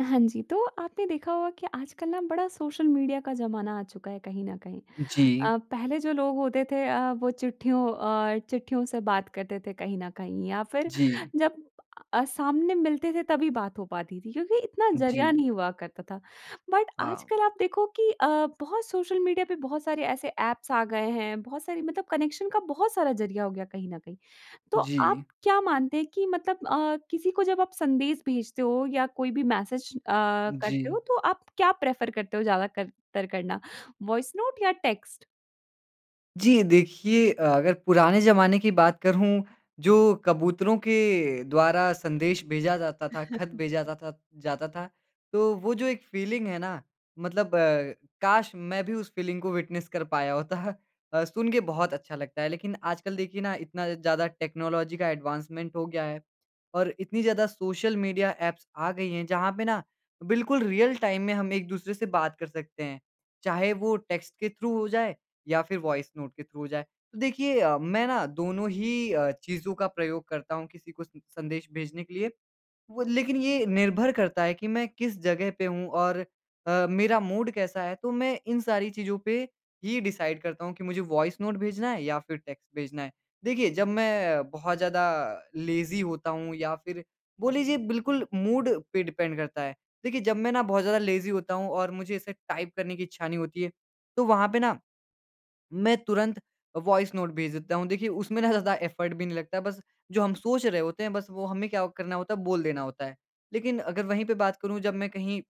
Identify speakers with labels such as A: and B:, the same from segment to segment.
A: हाँ जी। तो आपने देखा होगा कि आजकल ना बड़ा सोशल मीडिया का ज़माना आ चुका है कहीं न कहीं
B: जी।
A: अ, पहले जो लोग होते थे अ, वो चिट्ठियों अ, चिट्ठियों से बात करते थे कहीं न कहीं या फ़िर
B: जी।
A: जब अ, सामने मिलते थे तभी बात हो पाती थी क्योंकि इतना ज़रिया
B: जी।
A: नहीं हुआ करता था। बट
B: हाँ।
A: आजकल आप देखो कि अ, बहुत सोशल मीडिया पे बहुत सारे ऐसे ऐप्स आ गए हैं बहुत सारी, मतलब कनेक्शन का बहुत सारा ज़रिया हो गया कहीं न कहीं। तो आप
B: जी।
A: क्या मानते हैं कि मतलब अ, किसी को जब आप संदेश भेजते हो या कोई भी मैसेज अ, करते
B: जी।
A: हो तो आप क्या प्रेफ़र करते हो ज़्यादा कर तर करना, वॉइस नोट या टेक्स्ट?
B: जी देखिए अ, अगर पुराने ज़माने की बात करूँ जो कबूतरों के द्वारा, संदेश भेजा जाता था, ख़त भेजा था-था जाता था। तो वो जो एक फ़ीलिंग है ना मतलब अ, काश! मैं भी उस फ़ीलिंग को विटनेस कर पाया होता। अ, सुन के बहुत अच्छा लगता है लेकिन आजकल देखिए ना इतना ज़्यादा टेक्नोलॉजी का एडवांसमेंट हो गया है और इतनी ज़्यादा सोशल मीडिया ऐप्स आ गई हैं जहाँ पे ना बिल्कुल रियल टाइम में हम एक-दूसरे से बात कर सकते हैं। चाहे वो टेक्स्ट के थ्रू हो जाए या फ़िर वॉइस नोट के थ्रू हो जाए। तो देखिए अ, मैं ना दोनों ही अ, चीज़ों का प्रयोग करता हूँ किसी को स संदेश भेजने के लिए। वो लेकिन ये निर्भर करता है कि मैं किस जगह पे हूँ और अ, मेरा मूड कैसा है तो मैं इन सारी चीज़ों पे ही डिसाइड करता हूँ कि मुझे वॉइस नोट भेजना है या फ़िर टेक्स्ट भेजना है। देखिए जब मैं बहुत ज़्यादा लेज़ी होता हूँ या फ़िर बोल लीजिए बिल्कुल मूड पे डिपेंड करता है। देखिए जब मैं ना बहुत ज़्यादा लेज़ी होता हूँ और मुझे ऐसे टाइप करने की इच्छा नहीं होती है तो वहाँ पे ना, मैं तुरंत वॉइस नोट भेज देता हूँ। देखिए उसमें ना ज़्यादा एफ़र्ट भी नहीं लगता है बस जो हम सोच रहे होते हैं बस वो हमें क्या वो करना होता है, बोल देना होता है। लेकिन अगर वहीं पे बात करूँ जब मैं कहीं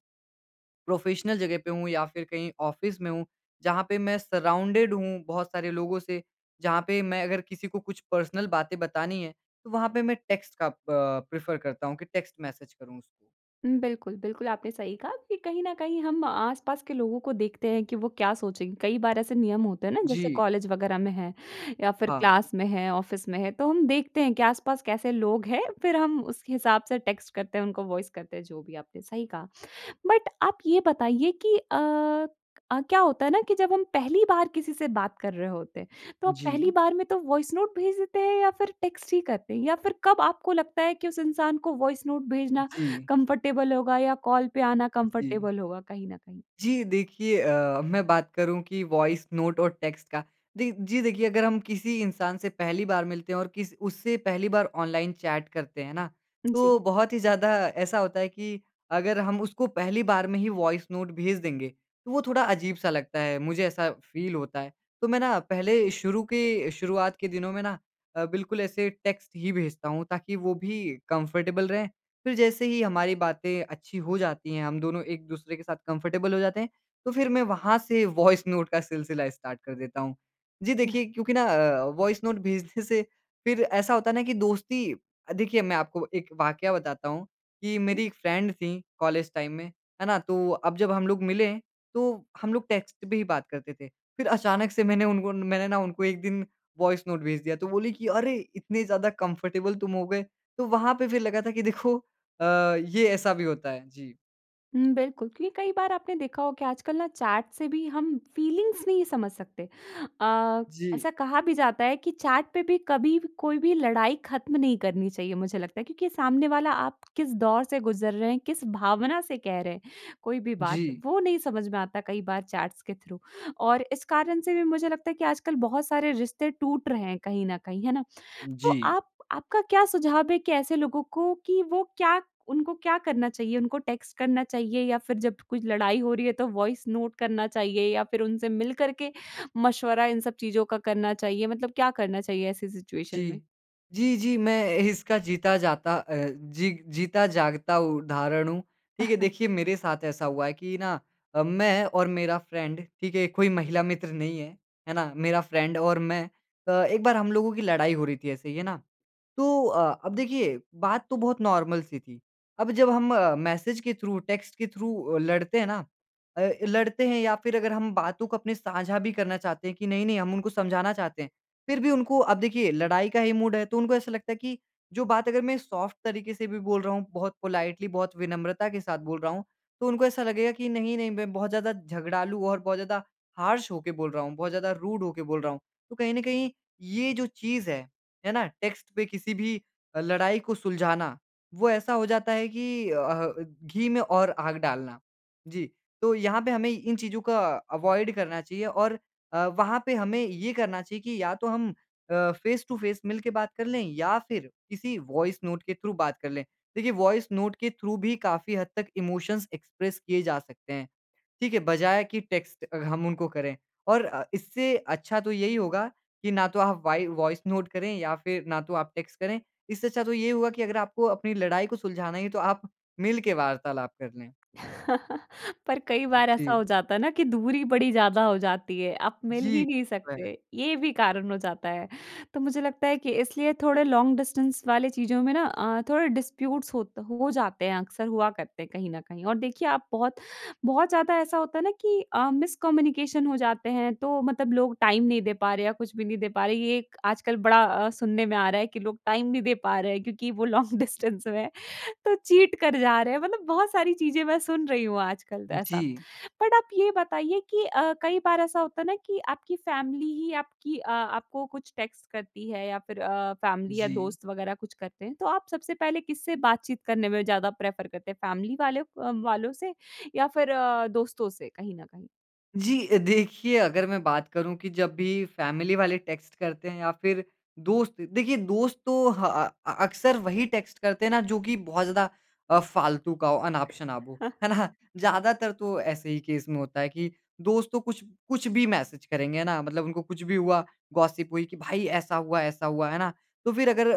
B: प्रोफ़ेशनल जगह पे हूँ या फ़िर कहीं ऑफ़िस में हूँ जहाँ पे मैं सराउंडेड हूँ बहुत सारे लोगों से, जहाँ पे मैं अगर किसी को कुछ पर्सनल बातें बतानी है तो वहाँ पे मैं टेक्स्ट का अ प प्रेफ़र करता हूँ कि टेक्स्ट मैसेज करूँ उसको।
A: उम, बिल्कुल। बिल्कुल आपने सही कहा कि कहीं न कहीं हम आस-पास के लोगों को देखते हैं कि वो क्या सोचें। कई बार ऐसा नियम होता है ना जैसे
B: जी।
A: कॉलेज वग़ैरह में हैं या फ़िर
B: हाँ।
A: क्लास में है ऑफिस में है, तो हम देखते हैं कि आस-पास कैसे लोग हैं। फ़िर हम उस हिसाब से टेक्स्ट करते हैं उनको वॉइस करते हैं जो भी आपने सही कहा। बट आप ये बताइए कि अ, क्या होता है ना कि जब हम पहली बार किसी से बात कर रहे होते हैं। तो आप पहली
B: जी।
A: बार में तो वॉइस नोट भेज देते हैं या फ़िर टेक्स्ट ही करते हैं? या फ़िर कब आपको लगता है कि उस इंसान को वॉइस नोट भेजना
B: जी।
A: कंफ़र्टेबल होगा या कॉल पे आना
B: जी।
A: कंफ़र्टेबल होगा कहीं न कहीं?
B: जी देखिए अ, मैं बात करूँ कि वॉइस नोट और टेक्स्ट का। दे जी देखिए अगर हम किसी इंसान से पहली बार मिलते हैं और किस, उससे पहली बार ऑनलाइन चैट करते हैं ना, तो
A: जी।
B: बहुत ही ज़्यादा ऐसा होता है कि अगर हम उसको पहली बार में ही वॉइस नोट भेज देंगे तो वो थोड़ा अजीब-सा लगता है मुझे ऐसा फ़ील होता है। तो मैं ना पहले शुरू के, शुरुआत के दिनों में ना अ, बिल्कुल ऐसे टेक्स्ट ही भेजता हूँ ताकि वो भी कंफ़र्टेबल रहे। फ़िर जैसे ही हमारी बातें अच्छी हो जाती हैं, हम दोनों एक-दूसरे के साथ कंफ़र्टेबल हो जाते हैं तो फ़िर मैं वहाँ से वॉइस नोट का सिलसिला स्टार्ट कर देता हूँ। जी
A: इ हाँ।
B: देखिए क्योंकि ना अ, वॉइस नोट भेजने से फ़िर ऐसा होता है ना कि दोस्ती देखिए मैं आपको एक वाक़या बताता हूँ कि
A: जी।
B: मेरी एक फ्रेंड थीं कॉलेज टाइम में, है ना तो अब जब हम लोग मिले तो हम लोग टेक्स्ट पे ही बात करते थे। फ़िर अचानक से मैंने उन उन मैंने ना उनको एक दिन वॉइस नोट भेज दिया, तो बोली कि अरे! इतनी ज़्यादा कंफ़र्टेबल तुम हो गए। तो वहाँ पे फ़िर लगा था कि देखो अ, ये ऐसा भी होता है। जी।
A: हुँ, बिल्कुल। क्योंकि कई बार आपने देखा हो कि आजकल ना चैट से भी हम फ़ीलिंग्स नहीं समझ सकते। अ,
B: जी।
A: ऐसा कहा भी जाता है कि चैट पे भी कभी व कोई भी लड़ाई ख़त्म नहीं करनी चाहिए मुझे लगता है, क्योंकि सामने वाला आप किस दौर से गुज़र रहे हैं, किस भावना से कह रहे हैं, कोई भी बात,
B: जी।
A: वो नहीं समझ में आता कई बार चैट्स के थ्रू। और इस कारण से भी मुझे लगता है कि आजकल बहुत सारे रिश्ते टूट रहे हैं कहीं न कहीं, है ना? तो
B: जी।
A: आप आपका क्या सुझाव है कि ऐसे लोगों को कि वो क्या उनको क्या करना चाहिए, उनको टेक्स्ट करना चाहिए या फिर जब कुछ लड़ाई हो रही है तो वॉइस नोट करना चाहिए या फिर उनसे मिल कर के मशवरा इन सब चीज़ों का करना चाहिए? मतलब क्या करना चाहिए ऐसी सिचुएशन में?
B: जी। जी, जी, मैं इसका जीता जाता अ, जी जीता जागता उदाहरण हूँ। ठीक है, देखिए मेरे साथ ऐसा हुआ है कि ना अ, मैं और मेरा फ़्रेड, ठीक है, ये कोई महिला मित्र नहीं है, है ना? मेरा फ़्रेड और मैं। अ, एक बार हम लोगों की लड़ाई हो रही थी ऐसे ही, है ना? तो अ अब देखिए, बात तो बहुत नॉर्मल सी थी। अब जब हम मैसेज के थ्रू, टेक्स्ट के थ्रू अ, लड़ते हैं ना अ, लड़ते हैं या फिर अगर हम बातों को अपने साझा भी करना चाहते हैं कि नहीं, नहीं हम उनको समझाना चाहते हैं। फिर भी उनको अब देखिए लड़ाई का ही मूड है, तो उनको ऐसा लगता है कि जो बात अगर मैं सॉफ्ट तरीके से भी बोल रहा हूँ, बहुत पोलाइटली, बहुत विनम्रता के साथ बोल रहा हूँ, तो उनको ऐसा लगेगा कि नहीं, नहीं मैं बहुत ज़्यादा झगड़ालू और बहुत ज़्यादा हार्श होके बोल रहा हूँ, बहुत ज़्यादा रूड हो के बोल रहा हूँ। तो कहीं न कहीं, ये जो चीज़ है, है ना? टेक्स्ट पे किसी भी अ, लड़ाई को सुलझाना, वो ऐसा हो जाता है कि अ अह, घी में और आग डालना। जी। तो यहाँ पे हमें इन चीज़ों को अवॉइड करना चाहिए और अ, वहाँ पे हमें ये करना चाहिए कि या तो हम अ, फ़ेस-टू-फ़ेस, मिलके बात कर लें, या फिर किसी वॉइस नोट के थ्रू बात कर लें। देखिए, वॉइस नोट के थ्रू भी काफ़ी हद तक इमोशंस एक्सप्रेस किए जा सकते हैं। ठीक है? बजाय कि टेक्स्ट अ, हम उनको करें। और अ, इससे अच्छा तो यही होगा कि ना तो आप वाइ वॉइस नोट करें या फिर ना तो आप टेक्स्ट करें। इससे अच्छा तो ये हुआ कि अगर आपको अपनी लड़ाई को सुलझाना ही है, तो आप मिलके वार्तालाप कर लें।
A: पर कई बार ऐसा
B: जी।
A: हो जाता है ना कि दूरी बड़ी ज़्यादा हो जाती है, आप मिल
B: जी।
A: ही नहीं
B: वह
A: सकते, ये भी कारण हो जाता है। तो मुझे लगता है कि इसलिए थोड़े लॉन्ग डिस्टेंस वाले चीज़ों में ना अ ,थोड़े डिस्प्यूट्स होत हो जाते हैं, अक्सर हुआ करते हैं कहीं न कहीं। और देखिए आप बहुत बहुत ज़्यादा ऐसा होता है ना कि अ, मिसकम्युनिकेशन हो जाते हैं, तो मतलब लोग टाइम नहीं दे पा रहे या कुछ भी नहीं दे पा रहे। ये एक आजकल बड़ा अ, सुनने में आ रहा है कि लोग टाइम नहीं दे पा रहे हैं क्योंकि वो लॉन्ग डिस्टेंस में है, तो चीट कर जा रहे हैं, मतलब बहुत सारी चीज़ें मैं सुन रही हूँ आजकल त ऐसा।
B: जी।
A: बट आप ये बताइए कि अ, कई बार ऐसा होता है ना कि आपकी फैमिली ही आपकी अ, आपको कुछ टेक्स्ट करती है या फिर अ, फैमिली या
B: जी।
A: दोस्त वग़ैरह कुछ करते हैं। तो आप सबसे पहले किससे बातचीत करने में ज़्यादा प्रेफ़र करते हैं? फैमिली वाले अ, वालों से या फिर दोस्तों से, कहीं न कहीं?
B: जी अ, देखिए अगर मैं बात करूँ कि जब भी फ़ैमिली वाले टेक्स्ट करते हैं या फिर दोस्त देखिए दोस्त तो ह अ अ, अक्सर वही टेक्स्ट करते हैं ना जो कि बहुत ज़्यादा अ, फ़ालतू का हो अनाप-शनाप हो। है ना? ज़्यादातर तो ऐसे ही केस में होता है कि, दोस्त तो कुछ, कुछ भी मैसेज़ करेंगे है ना? मतलब उनको कुछ भी हुआ, गॉसिप हुई कि भाई ऐसा हुआ ऐसा हुआ है ना? तो फिर अगर,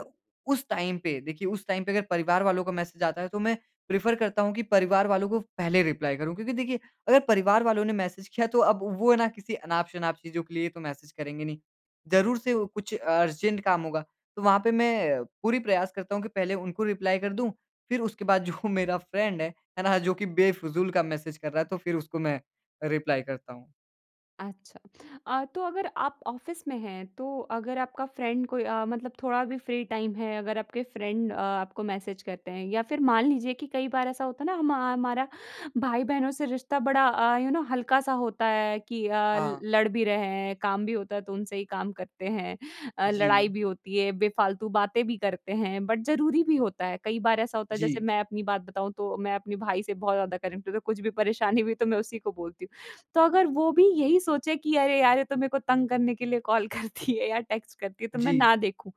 B: उस टाइम पे देखिए, उस टाइम पे अगर परिवार वालों को मैसेज़ आता है तो मैं, प्रेफ़ेर करता हूँ कि परिवार वालों को पहले रिप्लाई करूँ। क्योंकि देखिए, अगर परिवार वालों ने मैसेज़ किया है तो अब वो है ना किसी अनाप-शनाप चीज़ों के लिए तो मैसेज़ करेंगे नहीं। ज़रूर से वो कुछ अर्जेंट काम होगा, तो वहाँ पे मैं, पूरी प्रयास करता हूँ की पहले उनको रिप्लाई कर दूँ फिर उसके बाद जो मेरा फ़्रेंड है, है ना जो की ना बेफ़िज़ूल का मैसेज़ कर रहा है, तो फिर उसको मैं रिप्लाई करता हूँ।
A: अच्छा। अ, तो अगर आप ऑफिस में हैं तो अगर आपका फ़्रेंड कोई अ, मतलब थोड़ा भी फ़्री टाइम है अगर आपके फ़्रेंड अ, आपको मैसेज़ करते हैं या फिर मान लीजिए कि कई बार ऐसा होता है ना, हम हमारा भाई-बहनों से रिश्ता बड़ा अ, यू नो हल्का-सा होता है कि अ,
B: हाँ।
A: लड़ भी रहे हैं, काम भी होता है तो उनसे ही काम करते हैं अ, लड़ाई
B: जी।
A: भी होती है, बेफ़ालतू बातें भी करते हैं, बट ज़रूरी भी होता है। कई बार ऐसा होता है जैसे
B: जी।
A: मैं अपनी बात बताऊँ तो, मैं अपने भाई से बहुत ज़्यादा कनेक्टेड हूँ तो कुछ भी परेशानी हुई, तो मैं उसी को बोलती हूँ। तो अगर वो भी यही सोचे कि अरे यार! ये तो मेरे को तंग करने के लिए कॉल करती है या टेक्स्ट करती है तो मैं
B: जी।
A: ना देखूँ।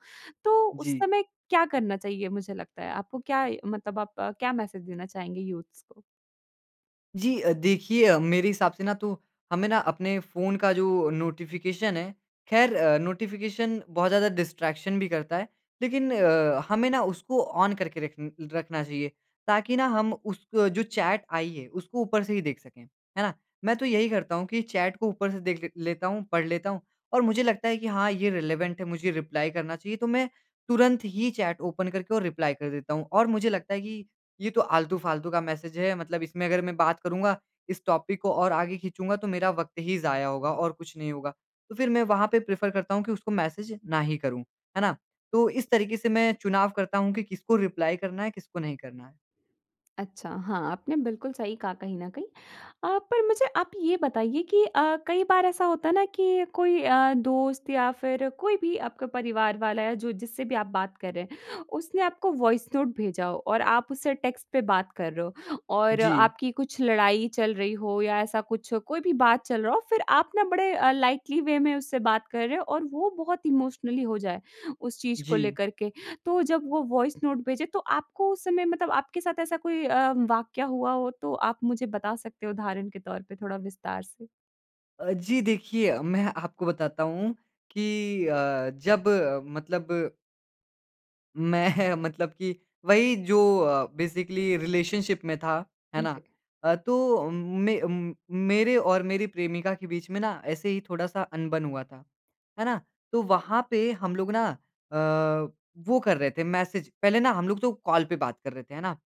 A: तो उस
B: जी।
A: समय क्या करना चाहिए मुझे लगता है? आपको क्या मतलब आप क्या मैसेज देना चाहेंगे यूथ्स को?
B: जी। अ, देखिए अ, मेरे हिसाब से ना तो, हमें ना अपने फ़ोन का जो नोटिफिकेशन है खैर अ, नोटिफिकेशन बहुत ज़्यादा डिस्ट्रैक्शन भी करता है। लेकिन अ, हमें ना उसको ऑन करके रखन रखना चाहिए, ताकि ना हम उसको जो चैट आई है उसको ऊपर से ही देख सकें, है ना? मैं तो यही करता हूँ कि चैट को ऊपर से देख ले लेता हूँ पढ़ लेता हूँ। और मुझे लगता है कि हाँ, ये रिलेवेंट है मुझे रिप्लाई करना चाहिए, तो मैं तुरंत ही चैट ओपन करके और रिप्लाई कर देता हूँ। और मुझे लगता है कि, ये तो आलतू-फालतू का मैसेज है मतलब इसमें अगर मैं बात करूँगा इस टॉपिक को और आगे खींचूँगा तो मेरा वक़्त ही ज़ाया होगा और कुछ नहीं होगा। तो फिर मैं वहाँ पे प्रेफ़र करता हूँ कि उसको मैसेज ना ही करूँ, है ना? तो इस तरीके से मैं चुनाव करता हूँ कि किसको रिप्लाई करना है, किसको नहीं करना है।
A: अच्छा। हाँ, आपने बिल्कुल सही कहा कहीं न कहीं। अ, पर मुझे आप ये बताइए कि अ, कई बार ऐसा होता है ना कि कोई अ, दोस्त या फिर कोई भी आपका परिवार वाला या जो जिससे भी आप बात कर रहे हैं उसने आपको वॉइस नोट भेजा हो और आप उससे टेक्स्ट पे बात कर रहे हो और
B: जी।
A: आपकी कुछ लड़ाई चल रही हो या ऐसा कुछ हो कोई भी बात चल रहा हो। फिर आप ना बड़े अ, लाइटली वे में उससे बात कर रहे हो और वो बहुत इमोशनली हो जाए, उस चीज़ को
B: जी।
A: लेकर के। तो जब वो वॉइस नोट भेजे तो, आपको उस समय मतलब आपके साथ ऐसा कोई अ, वाक़या हुआ हो, तो आप मुझे बता सकते हो उदाहरण के तौर पे थोड़ा विस्तार से।
B: अ, जी। देखिए मैं आपको बताता हूँ कि अ, जब मतलब मैं मतलब कि वहीं जो अ, बेसिकली रिलेशनशिप में था, है ना?
A: उनसे
B: अ, तो उम, में उम, मेरे और मेरी प्रेमिका के बीच में ना ऐसे ही थोड़ा-सा अनबन हुआ था। है ना? तो वहाँ पे हम लोग ना अ, वो कर रहे थे मैसेज। पहले ना हम लोग तो कॉल पे बात कर रहे थे। है ना?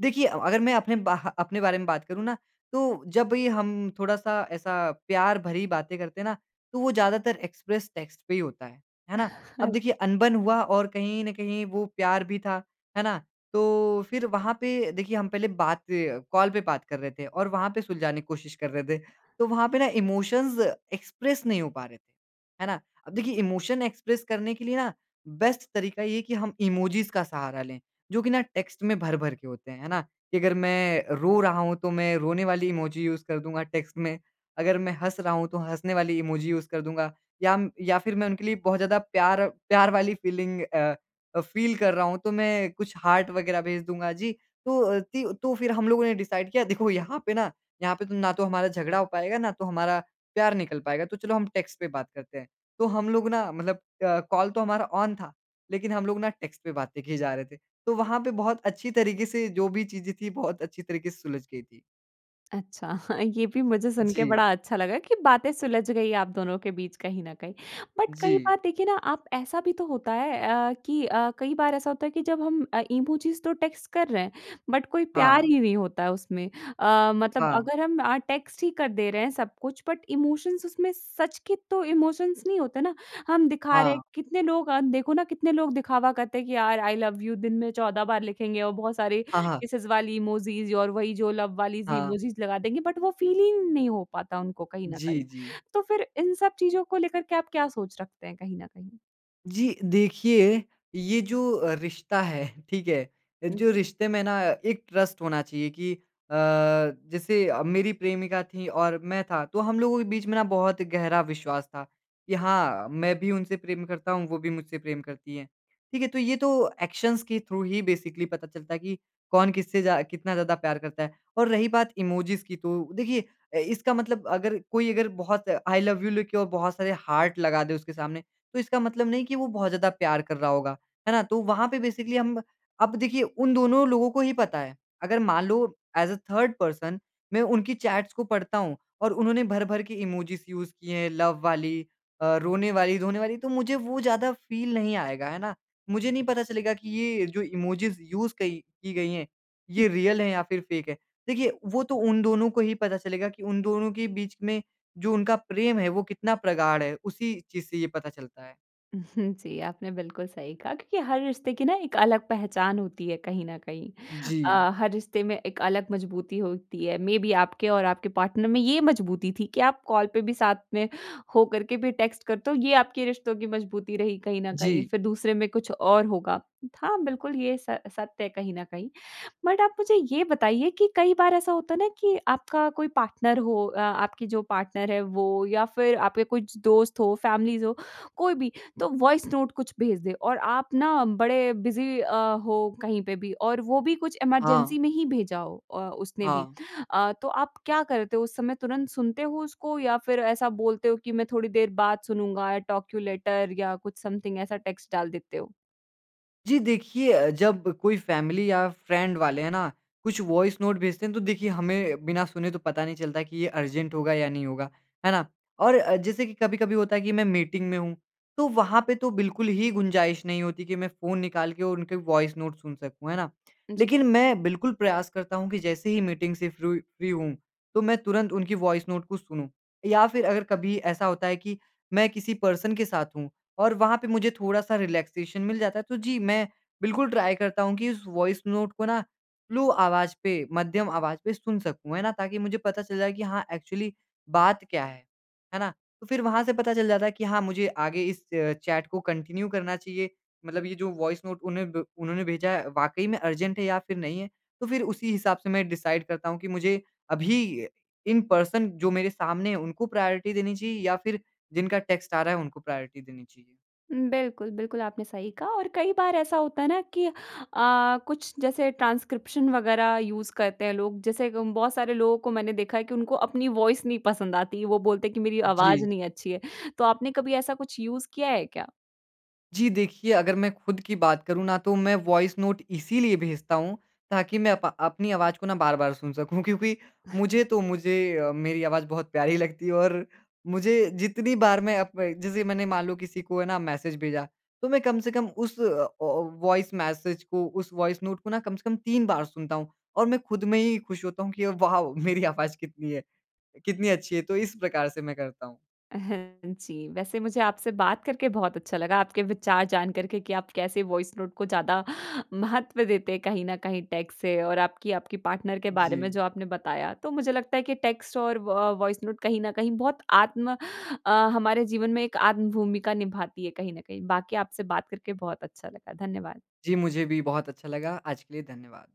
B: देखिए अ, अगर मैं अपने ब अपने बारे में बात करूँ ना तो जब ये हम थोड़ा-सा ऐसा प्यार भरी बातें करते हैं ना, तो वो ज़्यादातर एक्सप्रेस टेक्स्ट पे ही होता है। है ना? अब देखिए अनबन हुआ और कहीं न कहीं वो प्यार भी था। है ना? तो फिर वहाँ पे देखिए हम पहले बात कॉल पे बात कर रहे थे और वहाँ पे सुलझाने की कोशिश कर रहे थे। तो वहाँ पे ना इमोशंस एक्सप्रेस नहीं हो पा रहे थे। है ना? अब देखिए इमोशन एक्सप्रेस करने के लिए ना बेस्ट तरीका ये है कि हम इमोजीज़ का सहारा लें। जो कि ना टेक्स्ट में भर-भर के होते हैं। है ना? कि अगर मैं रो रहा हूँ तो मैं रोने वाली इमोजी यूज़ कर दूँगा टेक्स्ट में। अगर मैं हँस रहा हूँ तो हँसने वाली इमोजी यूज़ कर दूँगा। या म या फिर मैं उनके लिए बहुत ज़्यादा प्यार प्यार वाली अ, फ़ीलिंग अ अ, फ़ील कर रहा हूँ तो मैं कुछ हार्ट वग़ैरह भेज दूँगा, जी। तो अ, तिव तो फिर हम लोगों ने डिसाइड किया। देखो यहाँ पे ना, यहाँ पे तो ना तो हमारा झगड़ा हो पाएगा ना तो हमारा प्यार निकल पाएगा तो चलो हम टेक्स्ट पे बात करते हैं। तो हम लोग ना मतलब अ, कॉल तो हमारा ऑन था लेकिन हम लोग ना टेक्स्ट पे बातें किए जा रहे थे तो वहाँ पे बहुत अच्छी तरीके से जो भी चीज़ें थी बहुत अच्छी तरीके से सुलझ गई थी।
A: अच्छा। ये भी मुझे सुन के
B: जी।
A: बड़ा अच्छा लगा कि बातें सुलझ गई आप दोनों के बीच कहीं न कहीं। बट कई
B: जी।
A: बार देखिए ना आप ऐसा भी तो होता है अ, कि अ, कई बार ऐसा होता है कि जब हम अ, इमोजीज़ तो टेक्स्ट कर रहे हैं बट कोई प्यार
B: हाँ।
A: ही नहीं होता है उसमें। अ, मतलब
B: हाँ।
A: अगर हम अ, टेक्स्ट ही कर दे रहे हैं सब कुछ बट इमोशंस उसमें सच के तो इमोशंस नहीं होते ना। हम दिखा रहे
B: हाँ।
A: हैं कितने लोग अ, देखो ना कितने लोग दिखावा करते हैं कि यार आई लव यू दिन में 14 बार लिखेंगे और बहुत सारी
B: हाँ, हाँ।
A: किसेज़ वाली इमोजीज़ और वही जो लव वाली ज़
B: हाँ।
A: इमोजीज़ लगा देंगे बट वो फ़ील ही नहीं हो पाता उनको कहीं न
B: जी,
A: कहीं।
B: जी।
A: तो फिर इन सब चीज़ों को लेकर के आप क्या सोच रखते हैं कहीं न कहीं?
B: जी। देखिए ये जो अ, रिश्ता है, ठीक है? जो रिश्ते में ना एक ट्रस्ट होना चाहिए कि अ, जैसे अ, मेरी प्रेमिका थी और मैं था। तो हम लोगों के बीच में ना बहुत गहरा विश्वास था कि हाँ, मैं भी उनसे प्रेम करता हूँ, वो भी मुझसे प्रेम करती हैं। ठीक है? तो ये तो एक्शन्स के थ्रू ही बेसिकली पता चलता है कि कौन किससे ज़्या कितना ज़्यादा प्यार करता है और रही बात इमोजीज़ की तो देखिए अ, इसका मतलब अगर कोई अगर बहुत आई लव यू लिखे और बहुत सारे हार्ट लगा दे उसके सामने तो इसका मतलब नहीं कि वो बहुत ज़्यादा प्यार कर रहा होगा, है ना? तो वहाँ पे बेसिकली हम अब देखिए उन दोनों लोगों को ये पता है। अगर मान लो ऐज़ अ, थर्ड पर्सन, मैं उनकी चैट्स को पढ़ता हूँ और उन्होंने भर-भर के इमोजीज़ यूज़ किए हैं लव वाली, अ, रोने वाली रोने वाली तो मुझे वो ज़्यादा फ़ील नहीं आएगा। है ना? मुझे नहीं पता चलेगा कि ये जो इमोजीज़ यूज़ कई की गई हैं
A: हुँ।
B: ये रियल हैं या फिर फ़ेक हैं। देखिए वो तो उन दोनों को ही पता चलेगा कि उन दोनों के बीच में जो उनका प्रेम है वो कितना प्रगाढ़ है। उसी चीज़ से ये पता चलता है।
A: उहुँ, जी। आपने बिल्कुल सही कहा क्योंकि हर रिश्ते की न एक अलग पहचान होती है कहीं न कहीं।
B: जी।
A: अ, हर रिश्ते में एक अलग मज़बूती होती है। मेबी आपके और आपके पार्टनर में ये मज़बूती थी कि आप कॉल पे भी साथ में हो करके भी टेक्स्ट करते हो ये आपके रिश्तों की मज़बूती रही कहीं न कहीं।
B: जी।
A: फिर दूसरे में कुछ और होगा। हाँ, बिल्कुल ये स सत्य है कहीं न कहीं। बट आप मुझे ये बताइए कि कई बार ऐसा होता न कि आपका कोई पार्टनर हो अ आपकी जो पार्टनर है वो या फ़िर आपके कुछ दोस्त हों, फैमिलीज़ हों। कोई भी। तो वॉइस नोट कुछ भेज दें और आप न बड़े बिज़ी अ, हो कहीं पे भी और वो भी कुछ
B: हाँ।
A: इमरजेंसी में ही भेजा हो अ, उसने भी।
B: हाँ।
A: अ, तो आप क्या करते हो उस समय तुरंत सुनते हो उसको या फिर ऐसा बोलते हो कि मैं थोड़ी देर बाद सुनुँगा, आई टॉक यू लेटर या कुछ समथिंग ऐसा टेक्स्ट डाल देते हो?
B: जी देखिए अ, जब कोई फ़ैमिली या फ़्रेंड वाले, हैं ना? कुछ वॉइस नोट भेजते हैं तो देखिए हमें बिना सुने तो पता नहीं चलता कि ये अर्जेंट होगा या नहीं होगा, है ना? और अ, जैसे कि कभी-कभी होता है कि मैं मीटिंग में हूँ तो वहाँ पे तो बिल्कुल ही गुंजाइश नहीं होती कि मैं फ़ोन निकाल के और उनके वॉइस नोट सुन सकूँ। है ना?
A: जी।
B: लेकिन मैं बिल्कुल प्रयास करता हूँ कि जैसे ही मीटिंग से फ़्रोइ फ़्री हूँ, तो मैं तुरंत उनकी वॉइस नोट को सुनूँ या फिर अगर कभी ऐसा होता है कि मैं किसी पर्सन के साथ हूँ और वहाँ पे मुझे थोड़ा-सा रिलैक्सेशन मिल जाता है तो जी मैं बिल्कुल ट्राई करता हूँ कि उस वॉइस नोट को न स्लो आवाज़ पे मध्यम आवाज़ पे सुन सकूँ, है ना? ताकि मुझे पता चल जाए कि हाँ एक्चुअली बात क्या है? है ना? तो फिर वहाँ से पता चल जाता है कि हाँ, मुझे आगे इस अ, चैट को कंटिन्यू करना चाहिए। मतलब ये जो वॉइस नोट उन्हें ब उन्होंने भेजा है वाक़ई में अर्जेंट है या फिर नहीं है। तो फिर उसी हिसाब से मैं डिसाइड करता हूँ कि मुझे अभी अ, इन पर्सन जो मेरे सामने है उनको प्रायोरिटी देनी चाहिए या फिर जिनका टेक्स्ट आ रहा है उनको प्रायोरिटी देनी चाहिए।
A: बिल्कुल, बिल्कुल। आपने सही कहा और कई बार ऐसा होता है न कि अ, कुछ जैसे ट्रांसक्रिप्शन वग़ैरह यूज़ करते हैं लोग। जैसे ग बहुत सारे लोगों को मैंने देखा है कि उनको अपनी वॉइस नहीं पसंद आती। वो बोलते हैं कि मेरी आवाज़
B: जी।
A: नहीं अच्छी है। तो आपने कभी ऐसा कुछ यूज़ किया है क्या?
B: जी देखिए, अगर मैं खुद की बात करूँ न तो मैं वॉइस नोट इसीलिए भेजता हूँ ताकि मैं अप अपनी आवाज़ को न बार-बार सुन सकूँ क्योंकि मुझे तो मुझे अ, मेरी आवाज़ बहुत प्यारी लगती है और मुझे जितनी बार मैं अप जैसे मैंने मान लो किसी को है ना मैसेज भेजा तो मैं कम से कम उस अ अ, वॉइस मैसेज को उस वॉइस नोट को ना कम से कम 3 बार सुनता हूँ और मैं खुद में ही खुश होता हूँ कि वाओ मेरी आवाज़ कितनी अ, कितनी अच्छी है तो इस प्रकार से मैं करता हूँ।
A: अ, हाँ जी। वैसे मुझे आपसे बात करके बहुत अच्छा लगा। आपके विचार जान कर के कि आप कैसे वॉइस नोट को ज़्यादा महत्व देते हैं कहीं न कहीं टेक्स्ट से और आपकी, आपकी पार्टनर के बारे में
B: जी।
A: जो आपने बताया। तो मुझे लगता है कि टेक्स्ट और व वॉइस नोट कहीं न कहीं बहुत आत्म अ, हमारे जीवन में एक आत्म-भूमिका निभाती है कहीं न कहीं। बाकी आपसे बात करके बहुत अच्छा लगा। धन्यवाद।
B: जी, मुझे भी बहुत अच्छा लगा। आज के लिए धन्यवाद।